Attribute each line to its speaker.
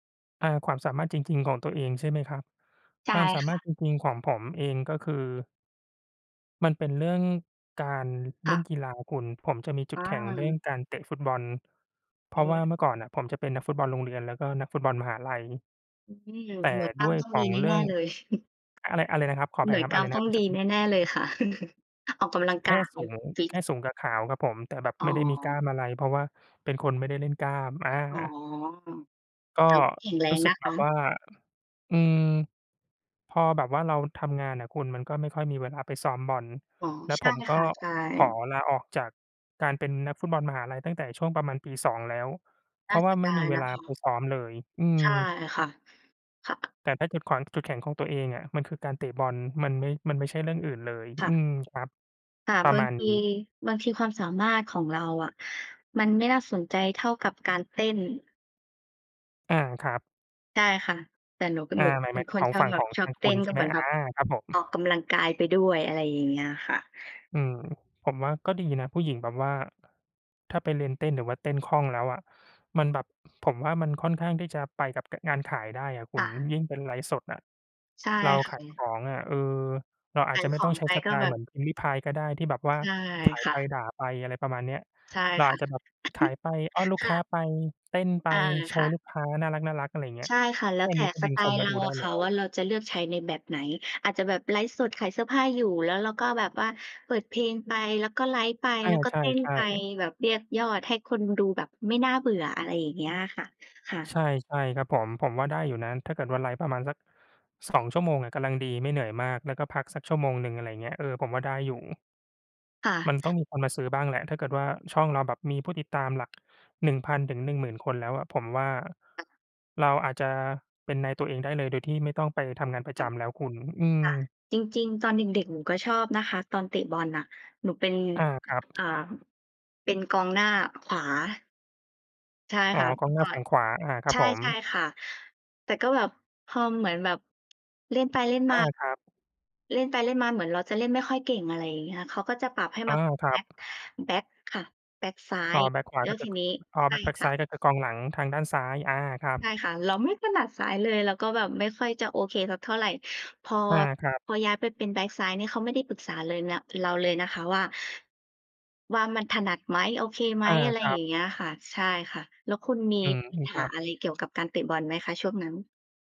Speaker 1: อา ความสามารถจริง ๆ ของตัวเองใช่ไหมครับ?
Speaker 2: ใช
Speaker 1: ค
Speaker 2: ่
Speaker 1: วามสา
Speaker 2: ค
Speaker 1: มา
Speaker 2: ่
Speaker 1: รถ
Speaker 2: ะ
Speaker 1: จริง ๆ ของผมเอง ก็คือ มันเป็นเรื่องการ
Speaker 2: ค
Speaker 1: เล
Speaker 2: ่
Speaker 1: ่น
Speaker 2: ะ
Speaker 1: กีฬาคุณ ผมจะมีจุ
Speaker 2: อ
Speaker 1: ดแข็งเรื่อง
Speaker 2: า
Speaker 1: การเตะฟุตบอล เพ
Speaker 2: อื
Speaker 1: ราะว่า
Speaker 2: ม
Speaker 1: เมื่อก่อนน่ะ ผมจะเป็นนักฟุตบอลโรงเรียน แล้วก็นักฟุตบอลมหาลัย
Speaker 2: อืม หน
Speaker 1: แต่
Speaker 2: ่วยก้
Speaker 1: ด
Speaker 2: า
Speaker 1: ้
Speaker 2: น
Speaker 1: วย
Speaker 2: ต้อง
Speaker 1: ข
Speaker 2: ด
Speaker 1: อ
Speaker 2: ี
Speaker 1: ง
Speaker 2: แ
Speaker 1: เร
Speaker 2: น
Speaker 1: ื่
Speaker 2: ่
Speaker 1: อง
Speaker 2: ๆ เลย
Speaker 1: อะไร อะไรนะครับ ขออ
Speaker 2: ห
Speaker 1: ภ
Speaker 2: น
Speaker 1: ั
Speaker 2: ่
Speaker 1: ย
Speaker 2: วย
Speaker 1: ครับ
Speaker 2: ก
Speaker 1: อ
Speaker 2: ล้
Speaker 1: ะ
Speaker 2: า
Speaker 1: ไร
Speaker 2: ม
Speaker 1: น
Speaker 2: ต
Speaker 1: ะค
Speaker 2: ้
Speaker 1: ร
Speaker 2: อ
Speaker 1: ับ
Speaker 2: ง
Speaker 1: เมื่อ
Speaker 2: ด
Speaker 1: สั
Speaker 2: ี
Speaker 1: กครู
Speaker 2: แ
Speaker 1: ่
Speaker 2: น่ ๆ เลยค่ะ ออกกำลัง
Speaker 1: แค
Speaker 2: ก
Speaker 1: ่
Speaker 2: าย เ
Speaker 1: ส
Speaker 2: ฮ้
Speaker 1: ู
Speaker 2: ย
Speaker 1: ง
Speaker 2: ฟิ
Speaker 1: แ
Speaker 2: ต
Speaker 1: ค่สูงกับขาวครับผม แต่แบบ
Speaker 2: อ๋
Speaker 1: ไม่ได้มีกล้
Speaker 2: อ
Speaker 1: ามอะไร เพราะว่าเป็นคนไม่ได้เล่นกล้าม อ
Speaker 2: อ๋อ
Speaker 1: า ก็
Speaker 2: แต่ก็แข็งแร
Speaker 1: รู
Speaker 2: ง
Speaker 1: ้สึ
Speaker 2: น
Speaker 1: ก
Speaker 2: ะ
Speaker 1: แบ
Speaker 2: คะ
Speaker 1: บว่า อืม พอแบบว่าเราทำงานน่ะคุณ ก็ไม่ค่อยมีเวลาไปซ้อมบอล
Speaker 2: อ๋อ
Speaker 1: แล้ว
Speaker 2: ใช
Speaker 1: ผ
Speaker 2: ่
Speaker 1: มก
Speaker 2: ค
Speaker 1: ็
Speaker 2: ่ะ ใช
Speaker 1: ขอ
Speaker 2: ่
Speaker 1: ลาออกจากการเป็นนักฟุตบอลมหาลัย ตั้งแต่ช่วงประมาณปี 2 แล้ว เพ
Speaker 2: น่
Speaker 1: ร
Speaker 2: า
Speaker 1: าะว
Speaker 2: เส
Speaker 1: ่า
Speaker 2: ีย
Speaker 1: ไม
Speaker 2: ด
Speaker 1: ่
Speaker 2: า
Speaker 1: มี
Speaker 2: ย
Speaker 1: เว
Speaker 2: นะ
Speaker 1: ลา
Speaker 2: คะ
Speaker 1: ไปซ้อมเลย อื
Speaker 2: ใ
Speaker 1: ม
Speaker 2: ช่ค่ะ ค่ะ
Speaker 1: แต่ถ้าจุดขวง จุดแข็งของตัวเองอะ มันคือการเตะบอล มันไม่ มันไม่ใช่เรื่องอื่นเลย
Speaker 2: ค่
Speaker 1: อื
Speaker 2: ะ
Speaker 1: ม ครับ
Speaker 2: ค่ะ
Speaker 1: ปร
Speaker 2: บ
Speaker 1: ะ
Speaker 2: า
Speaker 1: ม
Speaker 2: ง
Speaker 1: าณ
Speaker 2: ท
Speaker 1: น
Speaker 2: ี
Speaker 1: ี้
Speaker 2: บางทีความสามารถของเราอะ มันไม่น่าสนใจเท่ากับการเต้น
Speaker 1: อา ครับ
Speaker 2: ใช่ค่ะ แต่หนูเป็น
Speaker 1: อ
Speaker 2: ห
Speaker 1: า
Speaker 2: นูก็
Speaker 1: หมาย
Speaker 2: เป
Speaker 1: ห
Speaker 2: ็
Speaker 1: มา
Speaker 2: น
Speaker 1: ยถ
Speaker 2: ค
Speaker 1: ึง
Speaker 2: น
Speaker 1: ของ
Speaker 2: ชอ
Speaker 1: ฝ
Speaker 2: บ
Speaker 1: ั่ง
Speaker 2: แบ
Speaker 1: ข
Speaker 2: บ
Speaker 1: อง
Speaker 2: ชอ
Speaker 1: ท
Speaker 2: บ
Speaker 1: าง
Speaker 2: เต
Speaker 1: ค
Speaker 2: ้
Speaker 1: ุณ
Speaker 2: น
Speaker 1: ใช
Speaker 2: ก็
Speaker 1: ่
Speaker 2: เ
Speaker 1: ไ
Speaker 2: ห
Speaker 1: ห
Speaker 2: ม
Speaker 1: ม?
Speaker 2: ือน
Speaker 1: อ
Speaker 2: แบ
Speaker 1: า
Speaker 2: บ
Speaker 1: ครับผม
Speaker 2: ออกกำลังกายไปด้วย อะไรอย่างเงี้ยค่ะ
Speaker 1: อืม ผมว่าก็ดีนะ ผู้หญิงแบบว่า ถ้าไปเรียนเต้น หรือว่าเต้นคล่องแล้วอะ มันแบบ ผมว่ามันค่อนข้างที่จะไปกับกะ งานขายได้อะคุ
Speaker 2: ค่
Speaker 1: ณ
Speaker 2: ะ
Speaker 1: ยิ่งเป็นไลฟ์สดอะ
Speaker 2: ใช่
Speaker 1: เรา
Speaker 2: ค
Speaker 1: ข
Speaker 2: ่ะ
Speaker 1: า
Speaker 2: อ
Speaker 1: ย
Speaker 2: ื
Speaker 1: ข
Speaker 2: อ
Speaker 1: องอะ เออ เราอ
Speaker 2: ข
Speaker 1: าจ
Speaker 2: า
Speaker 1: จ
Speaker 2: ย
Speaker 1: ะไม
Speaker 2: ข
Speaker 1: ่ต
Speaker 2: อ
Speaker 1: ้อง
Speaker 2: ง
Speaker 1: ใช
Speaker 2: ไ
Speaker 1: ้
Speaker 2: ป
Speaker 1: ส
Speaker 2: ก
Speaker 1: ไต
Speaker 2: ็
Speaker 1: ล
Speaker 2: แบ
Speaker 1: ์เห
Speaker 2: บ
Speaker 1: มือนพิมรี่พายก็ได้ ที่แบบว่า
Speaker 2: ใช่
Speaker 1: ขาย
Speaker 2: ค
Speaker 1: ไ
Speaker 2: ่
Speaker 1: ป
Speaker 2: ะ
Speaker 1: ด่าไป อะไรประมาณเนี้ย
Speaker 2: ใช่
Speaker 1: เรา
Speaker 2: ค
Speaker 1: อ
Speaker 2: ่
Speaker 1: า
Speaker 2: ะ
Speaker 1: จจะแบบขายไป อ้อนลูก
Speaker 2: ค
Speaker 1: ค
Speaker 2: ่
Speaker 1: ้า
Speaker 2: ะ
Speaker 1: ไป เต้นไป
Speaker 2: อา
Speaker 1: โช
Speaker 2: ค่
Speaker 1: ว์
Speaker 2: ะ
Speaker 1: ลูกค้าน่ารัก ๆ อะไรอย่างเงี้ย
Speaker 2: ใช่ค่ะ แล้
Speaker 1: แค
Speaker 2: ว
Speaker 1: ่
Speaker 2: แต
Speaker 1: น
Speaker 2: ่
Speaker 1: ี้ก็
Speaker 2: ส
Speaker 1: ดึ
Speaker 2: ไ
Speaker 1: ง
Speaker 2: ต
Speaker 1: ค
Speaker 2: ล
Speaker 1: น
Speaker 2: ์
Speaker 1: ม
Speaker 2: เร
Speaker 1: าด
Speaker 2: า
Speaker 1: ูได
Speaker 2: อ
Speaker 1: ้
Speaker 2: ะ
Speaker 1: แ
Speaker 2: ค
Speaker 1: ล้
Speaker 2: ่ะ
Speaker 1: ว
Speaker 2: ว่า เราจะเลือกใช้ในแบบไหน อาจจะแบบไลฟ์สดขายเสื้อผ้าอยู่ แล้วเราก็แบบว่าเปิดเพลงไป แล้วก็ไลฟ์ไป
Speaker 1: อ
Speaker 2: แ
Speaker 1: า
Speaker 2: ล้วก็
Speaker 1: ใ
Speaker 2: เต้น
Speaker 1: ช่
Speaker 2: ไป
Speaker 1: ๆ
Speaker 2: แบบเรียกยอดให้คนดูแบบไม่น่าเบื่อ อะไรอย่างเงี้ยค่ะ ค่ะ
Speaker 1: ใช่ ใช่ครับผม ผมว่าได้อยู่นะ ถ้าเกิดว่าไลฟ์ประมาณสัก 2 ชั่วโมงอะกำลังดี ไม่เหนื่อยมาก แล้วก็พักสักชั่วโมงหนึ่ง อะไรอย่างเงี้ย เออ ผมว่าได้อยู่
Speaker 2: ค่
Speaker 1: ม
Speaker 2: ะ
Speaker 1: ันต้องมีคนมาซื้อบ้างแหละ ถ้าเกิดว่า ช่องเราแบบมีผู้ติดตามหลัก 1,000-10,000 คนแล้วอะ ผมว่า
Speaker 2: ค่ะ
Speaker 1: เราอาจจะเป็นนายตัวเองได้เลย โดยที่ไม่ต้องไปทำงานประ
Speaker 2: ค
Speaker 1: จ
Speaker 2: ่ะ ค่ะ
Speaker 1: ำแล้วคุณ อืม
Speaker 2: จริง ๆ ตอนเด็ก ๆ หนูก็ชอบนะคะ ตอนเตะบอลน่ะ หนูเป็น
Speaker 1: อา ครับ
Speaker 2: อ่า เป็นกองหน้า ขวา ใช่
Speaker 1: อ๋อ
Speaker 2: ค่ะ
Speaker 1: ก
Speaker 2: เม
Speaker 1: อ
Speaker 2: ื
Speaker 1: ง
Speaker 2: ่อ
Speaker 1: หน้า
Speaker 2: ก่อ
Speaker 1: ฝั
Speaker 2: น
Speaker 1: ่งขวา อ่า ครั
Speaker 2: ใช
Speaker 1: บผม
Speaker 2: ่ ๆ ค่ะ แต่ก็แบบ พอมันเหมือนแบบ เล่นไปเล่น
Speaker 1: อ
Speaker 2: ม
Speaker 1: า
Speaker 2: า
Speaker 1: ครับ
Speaker 2: เล่นไปเล่นมา เหมือนเราจะเล่นไม่ค่อยเก่ง อะไรอย่างเงี้ย เขาก็จะปรับให้
Speaker 1: อ
Speaker 2: ม
Speaker 1: า
Speaker 2: า
Speaker 1: คร
Speaker 2: แ
Speaker 1: ั
Speaker 2: บ็ก
Speaker 1: บ
Speaker 2: แบ็กค่ะ แบ็กซ้า
Speaker 1: อ๋อ
Speaker 2: ย
Speaker 1: แบ็กขวา
Speaker 2: แล้
Speaker 1: แล้
Speaker 2: ว
Speaker 1: วก
Speaker 2: ที
Speaker 1: ะ ก
Speaker 2: นี้
Speaker 1: อ๋อ
Speaker 2: ใช
Speaker 1: แบ
Speaker 2: ่
Speaker 1: ็ก แบ็ก
Speaker 2: ค
Speaker 1: ซ
Speaker 2: ่
Speaker 1: ้
Speaker 2: ะ
Speaker 1: าย ก็คือ กองหลัง ทางด้านซ้าย อา ครับ
Speaker 2: ใช่ค่ะ เราไม่ถนัดซ้ายเลย เราก็แบบไม่ค่อยจะโอเคสักเท่าไร พอ
Speaker 1: อา ครับ
Speaker 2: พอย้ายไปเป็นแบ็กซ้ายนี่ เขาไม่ได้ปรึกษาเลยนะ เราเลยนะคะว่า ว่ามันถนัดไหม? โอเคไหม?
Speaker 1: อา
Speaker 2: อะไร
Speaker 1: ครั
Speaker 2: อย่
Speaker 1: บ
Speaker 2: างเงี้ยค่ะ ใช่ค่ะ แล้วคุณมี
Speaker 1: อืม
Speaker 2: ปั
Speaker 1: อ
Speaker 2: ญ
Speaker 1: ือ ค
Speaker 2: หา
Speaker 1: รับ
Speaker 2: อะไรเกี่ยวกับการเตะบอลไหมคะช่วงนั้น?